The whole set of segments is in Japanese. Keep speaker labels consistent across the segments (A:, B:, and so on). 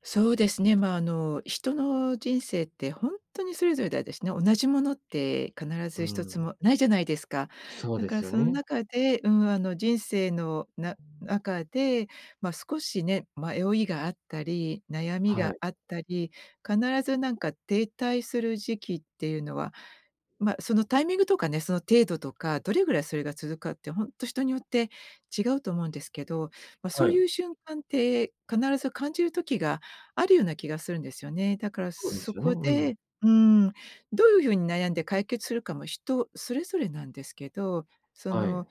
A: そうですね、まあ、あの、人の人生ってほんとにそれぞれだ、でし、ね、同じものって必
B: う
A: ず1つ
B: ん。
A: もないじゃないですか。
B: そう
A: だ
B: で
A: か
B: す
A: ら
B: よ
A: その
B: ね。
A: 中で、うん、あの、人生のな中で、ま、少しね、迷いがあったり悩み
B: は
A: が
B: い。
A: あったり、必ずなんか停滞する時期ってゆうのは、ま、そのタイミングとかね、その程度とか、どれぐらいそれが続くかってほんと人によって違うと思うんですけど、ま、そ
B: は
A: う
B: い。
A: ゆう瞬間って必ず感じる時があるような気がするんですよね。だから
B: そうで
A: そ
B: すよね。う
A: こ
B: んうん。
A: で、うーん、どういうふうに悩んで解決するかも人それぞれなんですけど、そ
B: はい。
A: の、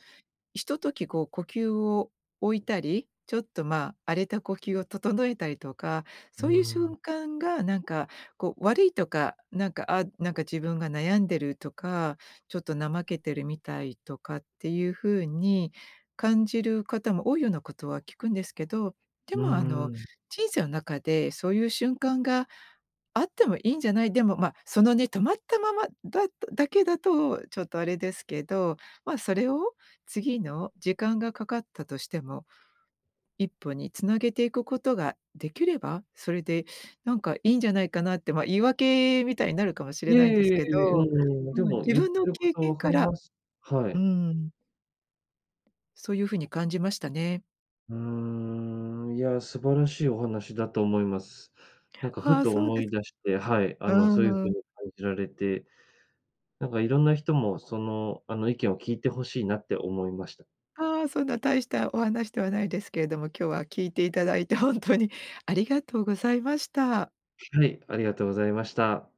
A: ひととき、こう、呼吸を、置いたり、ちょっと、まあ、荒れた呼吸を整えたりとか、
B: う
A: そうゆう
B: ーん。
A: 瞬間が、なんかこう、悪いとか、なんか、あ、なんか、自分が悩んでるとか、ちょっと怠けてるみたいとかってゆうふうに感じる方も多いようなことは聞くんですけど、で
B: うー
A: も、あの、
B: ん。
A: 人生の中でそうゆう瞬間があってもいいんじゃない、でも、ま、そのね、止まったまま、だだけだとちょっとあれですけど、ま、それを次の、時間がかかったとしても、1歩につなげていくことができれば、それでなんかいいんじゃないかなって、ま、言い訳みたいになるかもしれ
B: いえい
A: ないんで
B: えい
A: す
B: え
A: け
B: いえ、う
A: ど、
B: んうん、で
A: うん、
B: も、
A: 自
B: ゆって
A: 分の
B: るこ
A: 経
B: と
A: 験
B: 分か
A: か
B: り
A: ら
B: ます、は
A: うー
B: い。
A: ん。そうゆうふうに感じましたね。
B: うーん、いや、素晴らしいお話だと思います。なんか、
A: あ
B: ふ
A: あ、
B: と
A: そうで
B: 思
A: す。
B: い出して、はい、
A: う
B: あの、そうゆう
A: んう
B: 風
A: ん。
B: に感じられて。なんか、色んな人も、その、あの、意見を聞いて欲しいなって思いました。
A: ああ、そんな大したお話ではないですけれども、今日は聞いていただいてほんとにありがとうございました。
B: はい、ありがとうございました。